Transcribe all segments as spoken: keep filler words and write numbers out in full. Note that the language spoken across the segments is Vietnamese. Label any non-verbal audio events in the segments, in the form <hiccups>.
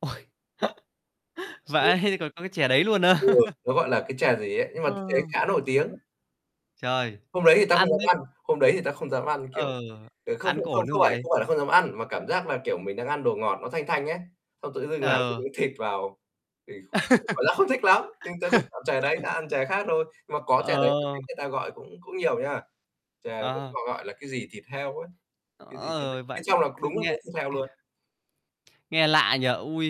Ôi, <chuckles> <hiccups> vãi, ê, còn có cái chè đấy luôn á? Đúng rồi. <chuckles> Nó gọi là cái chè gì ấy, nhưng mà t Ờ. thấy khá nổi tiếng. Trời, Hôm đấy thì tao không ăn dám thế ăn, hôm đấy thì tao không dám ăn, kiểu, Ừ, kiểu, không ăn không có không ổn không không phải vậy? không phải là không dám ăn, mà cảm giác là, kiểu, mình đang ăn đồ ngọt nó thanh thanh ấy, xong tự dưng làm cái Ừ. miếng thịt vào, thì cũng cảm giác không thích lắm. Nhưng tao không ăn chè đấy, tao <laughs> Ờ. ăn chè khác thôi. Nhưng mà có chè đấy mà thấy Ờ. người ta gọi cũng cũng nhiều nha. Chè cũng Ờ. họ gọi là cái gì thịt heo ấy, cái gì, cái Ờ, bên vãi, trong là cứ đúng là nghe miếng thịt heo luôn. Nghe lạ nhỉ? Ui,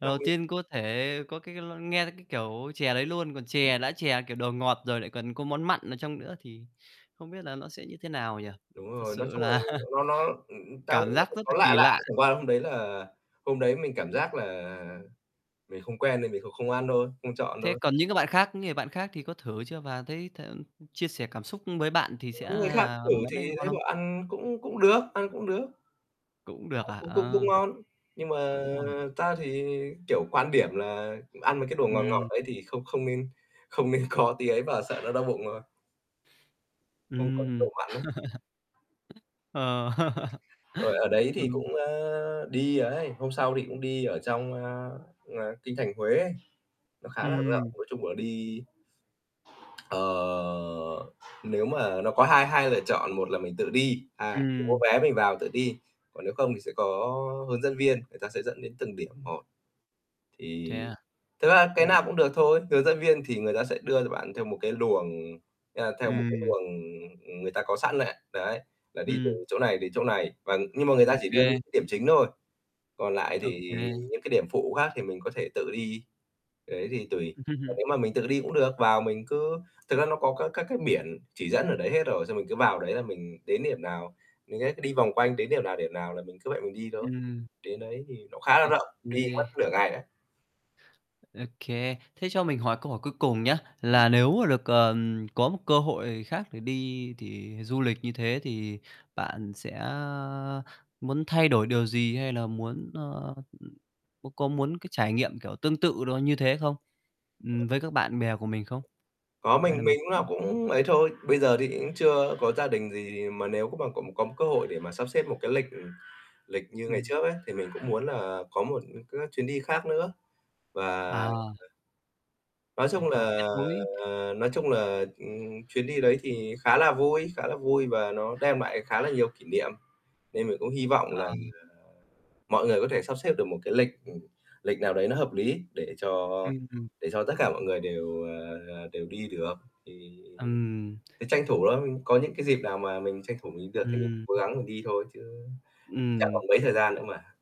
lần năm đầu miếng. tiên có thể có cái l nghe thấy cái kiểu chè đấy luôn, còn chè đã chè, kiểu, đồ ngọt rồi lại còn có món mặn ở trong nữa, thì không biết là nó sẽ như thế nào nhỉ? Đúng Thật rồi, nói sự chung là là nó nó, ừm, tao nghĩ cảm là giác phải rất có là lạ kỳ lạ, lạ. chẳng qua hôm đấy là hôm đấy mình cảm giác là mình không quen nên mình kh không ăn thôi, không chọn Thế thôi. còn những cái bạn khác những người bạn khác thì có thử chưa và thấy th ưm, chia sẻ cảm xúc với bạn thì sẽ Những người khác là thử món thì đấy ngon thấy không? bảo ăn cũng cũng được ăn cũng được. Cũng được Ăn à? cũng cũng cũng Ờ, ngon, nhưng mà cũng ngon à? tao thì, kiểu, quan điểm là ăn mấy cái đồ ngọt ngọt Ừm. ấy thì không không nên không nên có tí ấy vào, sợ nó đau bụng thôi. Không có độ Ừm. mặn ấy. <chuckles> Ờ. <chuckles> Rồi, ở đấy thì Ừm. cũng, ơ, đi ấy, hôm sau thì cũng đi ở trong, ơ, ờ, kinh thành Huế ấy, nó khá là rộng. Ừm. Nói chung là đi ờ, nếu mà nó có hai hai lựa chọn, một là mình tự đi, ha mình mua Ừm. vé mình vào tự đi, còn nếu không thì sẽ có hướng dẫn viên, người ta sẽ dẫn đến từng điểm một. Thế Thì à? thực ra cái Ừm. nào cũng được thôi, hướng dẫn viên thì người ta sẽ đưa cho bạn theo một cái luồng, a, theo một cái Ừm. luồng, ừm, người ta có sẵn này. Đấy, là đi từ Ừm. chỗ này đến chỗ này, và nhưng mà người Ô ta chỉ đưa những kê. điểm chính thôi, còn lại Ô thì kê. những cái điểm phụ khác thì mình có thể tự đi, đấy thì tùy. Còn nếu mà mình tự đi <chuckles> cũng được, vào mình cứ thực ra nó có các các cái biển chỉ dẫn ở đấy hết rồi, xong mình cứ vào đấy là mình đến điểm nào, mình đấy cứ đi vòng quanh đến điểm nào, điểm nào là mình cứ vậy mình đi thôi. Ừm. Đến đấy thì nó khá là Ê, rộng, đi mất <unintelligible> nửa ngày đấy. Ô kê, thế cho mình hỏi câu hỏi cuối cùng nhá, Ừm. là nếu mà được, ờm, có một cơ hội khác để đi, thì du lịch như thế, thì bạn sẽ, a, muốn thay đổi điều gì hay là muốn, ơ, ừm, có có muốn cái trải nghiệm kiểu tương tự đó như thế không? Ừm, với các bạn bè của mình không? Có mình Hay là mình mình lúc nào cũng cũng ấy thôi, bây giờ thì cũng chưa có gia đình gì, mà nếu có mà cũng có một cơ hội để mà sắp xếp một cái lịch, ừm, lịch như ngày Ừm. trước ấy thì mình cũng muốn là có một cái chuyến đi khác nữa. Và À. ờ. Nói Để, chung kiểu, kết là nối. nói chung là, ừm, chuyến đi đấy thì khá là vui khá là vui và nó đem lại khá là nhiều kỷ niệm. Nên mình cũng hi vọng là À. mọi người có thể sắp xếp được một cái lịch, ừm, lịch nào đấy nó hợp lý để cho Ừm, ừm. để cho tất cả mọi người đều, ờ, đều đi được. Thì Ừm. cái, tranh thủ thôi, có những cái dịp nào mà mình tranh thủ mình đi được thì Ừm. cố Ừm. gắng mình đi thôi, chứ chẳng Ừm. còn mấy thời gian nữa mà.